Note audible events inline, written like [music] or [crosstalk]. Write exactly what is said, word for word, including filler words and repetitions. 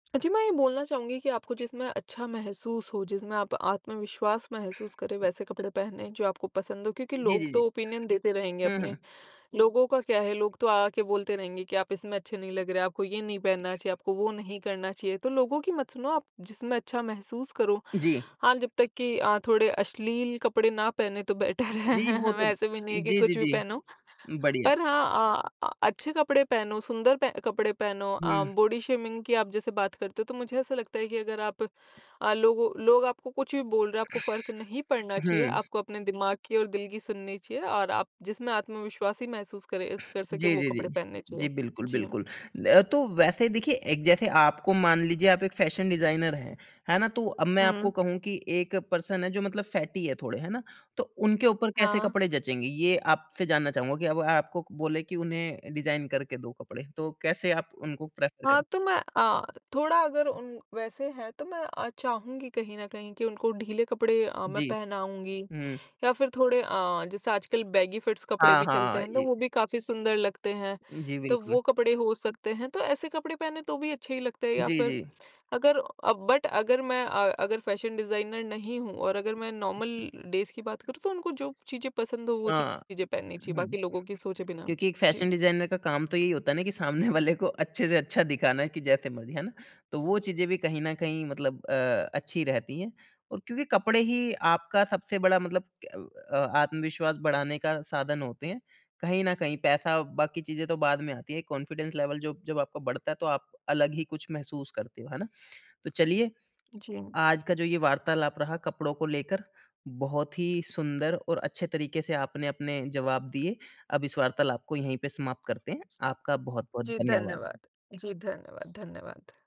अ, जी, मैं ये बोलना चाहूँगी कि आपको जिसमें अच्छा महसूस हो, जिसमें आप आत्मविश्वास महसूस करें वैसे कपड़े पहनें जो आपको पसंद हों। क्योंकि जी, लोग जी, जी। तो ओपिनियन देते रहेंगे हुँ, अपने। हुँ। लोगों का क्या है लोग तो आ-आ के बोलते रहेंगे कि आप इसमें अच्छे नहीं लग रहे हैं, आपको ये नहीं पहनना चाहिए, आपको वो नहीं करना चाहिए। तो लोगों की मत सुनो आप जिसमें अच्छा महसूस करो जी। हाँ, जब तक कि अ, थोड़े अश्लील कपड़े ना पहनें तो बेटर है। जी। वो [chuckles] तो वैसे भी नहीं है कि जी, जी, कुछ भी जी पहनो। बढ़िया। पर हाँ, अ अ, अच्छे कपड़े पहनो सुंदर पह कपड़े पहनो अ, हुँ। बॉडी शेमिंग की आप जैसे बात करते हो तो मुझे ऐसा लगता है कि अगर आप अ, लोगों लोग आपको कुछ भी बोल रहे हैं आपको फ़र्क नहीं पड़ना चाहिए। हुँ। आपको अपने दिमाग की और दिल की सुननी चाहिए और आप जिसमें आत्मविश्वासी महसूस करें स कर सके जी, वो जी, कपड़े जी। पहनने चाहिए। जी बिल्कुल, जी। बिल्कुल। अ, तो वैसे देखिए एक जैसे आपको मान लीजिए आप एक फैशन डिज़ाइनर हैं, है ना? तो अब मैं आपको हुँ। कहूँ कि एक पर्सन है जो मतलब फैटी है थोड़े। है ना? तो उनके ऊपर कैसे हाँ। कपड़े जचेंगे ये आपसे जानना चाहूँगा कि अब आपको बोले कि उन्हें डिज़ाइन करके दो कपड़े। तो कैसे आप उनको प्रेफर हाँ, करे? तो मैं अ, थोड़ा अगर उन वैसे है तो मैं अ, चाहूँगी कहीं न कहीं कि उनको ढीले कपड़े अ, मैं जी। पहनाऊँगी हुँ। या फ़िर थोड़े अ, जैसे आजकल बेगी फिट्स कपड़े हाँ, भी चलते हाँ। हैं। तो ये वो भी काफ़ी सुंदर लगते हैं जी, तो बिल्कुल। वो कपड़े हो सकते हैं। तो ऐसे कपड़े पहने तो भी अच्छे ही लगते हैं या जी, फ़िर जी। अगर अ, बट अगर मैं अ, अगर फैशन डिज़ाइनर नहीं हूँ और अगर मैं नॉर्मल डेज़ की बात करूँ। तो उनको जो चीज़ें पसंद हों, वो हाँ। चीज़ें पहननी चाहिए हुँ, बाकी लोगों की सोचे बिना। क्योंकि एक फैशन जी। डिज़ाइनर का काम तो यही होता है ना कि सामने वाले को अच्छे से अच्छा दिखाना है कि जैसे मर्ज़ी। है ना? तो वो चीज़ें भी कहीं न कहीं मतलब अ, अच्छी रहती है और क्योंकि कपड़े ही आपका सबसे बड़ा मतलब अ अ, आत्मविश्वास बढ़ाने का साधन होते हैं। कहीं न कहीं पैसा बाकी चीज़ें तो बाद में आती हैं एक कॉन्फिडेंस लेवल जो जब आपका बढ़ता है तो आप अलग ही कुछ महसूस करते हो। है ना? तो चलिए, जी। आज का जो ये वार्तालाप रहा कपड़ों को लेकर बहुत ही सुंदर और अच्छे तरीके से आपने अपने जवाब दिए। अब इस वार्तालाप को यहीं पे समाप्त करते हैं। आपका बहुत-बहुत जी, धन्यवाद। धन्यवाद। जी धन्यवाद, धन्यवाद।